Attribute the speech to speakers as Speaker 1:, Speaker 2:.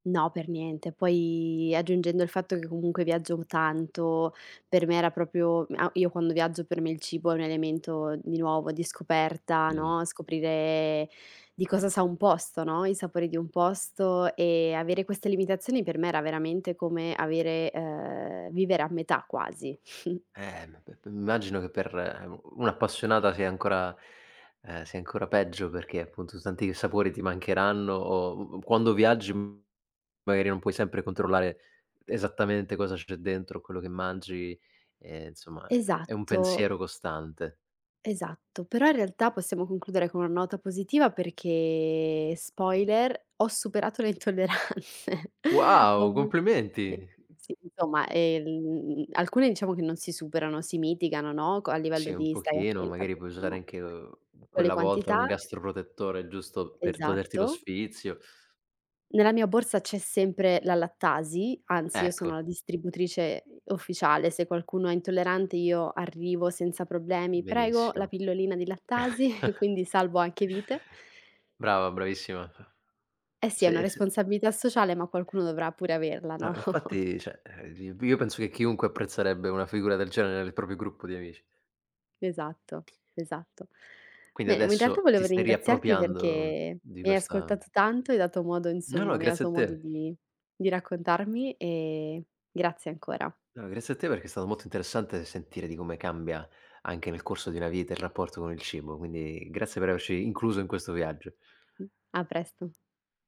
Speaker 1: No, per niente. Poi aggiungendo il fatto che comunque viaggio tanto, per me era proprio, mhmm, a io quando viaggio per me il cibo è un elemento, di nuovo, di scoperta,
Speaker 2: Mh.
Speaker 1: no: scoprire di cosa sa un posto, no, i sapori di un posto e avere queste limitazioni per me era veramente come avere uhm, vivere a metà quasi.
Speaker 2: Eh, m p m m'immagino che per u un appassionata sia ancora ehm, sia ancora peggio, perché appunto s tanti sapori ti mancheranno o u u quando viaggi magari non puoi sempre controllare esattamente cosa c'è dentro a quello che mangi e insomma, è è un
Speaker 1: Esatto.
Speaker 2: pensiero costante.
Speaker 1: Esatto. Però in realtà possiamo concludere con una nota positiva perché, spoiler, ho superato le intolleranze. Ho
Speaker 2: Wow,
Speaker 1: avuto
Speaker 2: complimenti!
Speaker 1: sì, sì, insomma, ehm, alcune diciamo che non si superano, si mitigano, no, c a
Speaker 2: Sì,
Speaker 1: livello
Speaker 2: un
Speaker 1: di stai
Speaker 2: pochino,
Speaker 1: attenta
Speaker 2: magari
Speaker 1: più o
Speaker 2: puoi
Speaker 1: meno,
Speaker 2: usare
Speaker 1: no,
Speaker 2: anche, uhm,
Speaker 1: con le
Speaker 2: quella volta un
Speaker 1: quantità
Speaker 2: gastroprotettore giusto per toglierti lo
Speaker 1: Esatto.
Speaker 2: sfizio.
Speaker 1: Nella mia borsa c'è sempre la lattasi, anzi io sono
Speaker 2: Ecco.
Speaker 1: la distributrice, uhm, ufficiale. Se qualcuno è intollerante io arrivo senza problemi: "Prego, la
Speaker 2: Benissimo.
Speaker 1: pillolina di lattasi"; quindi salvo anche vite.
Speaker 2: Brava, bravissima.
Speaker 1: Eh sì, è una
Speaker 2: Sì, sì.
Speaker 1: responsabilità sociale ma qualcuno dovrà pure averla,
Speaker 2: No,
Speaker 1: no?
Speaker 2: infatti, cioè, ehm, gi io penso che chiunque apprezzerebbe una figura del genere nel proprio gruppo di amici.
Speaker 1: Esatto, esatto.
Speaker 2: Quindi
Speaker 1: Bene, ma in realtà
Speaker 2: adesso ti
Speaker 1: volevo
Speaker 2: stai
Speaker 1: ringraziarti perché
Speaker 2: riappropriando di
Speaker 1: mi hai
Speaker 2: questa
Speaker 1: ascoltato tanto, hai dato modo
Speaker 2: No, no,
Speaker 1: insomma mi hai
Speaker 2: grazie
Speaker 1: dato
Speaker 2: a
Speaker 1: modo
Speaker 2: te.
Speaker 1: di di raccontarmi e grazie ancora.
Speaker 2: No, grazie a te perché è stato molto interessante sentire di come cambia, anche nel corso di una vita, il rapporto con il cibo, quindi grazie per averci incluso in questo viaggio.
Speaker 1: Mh, a presto.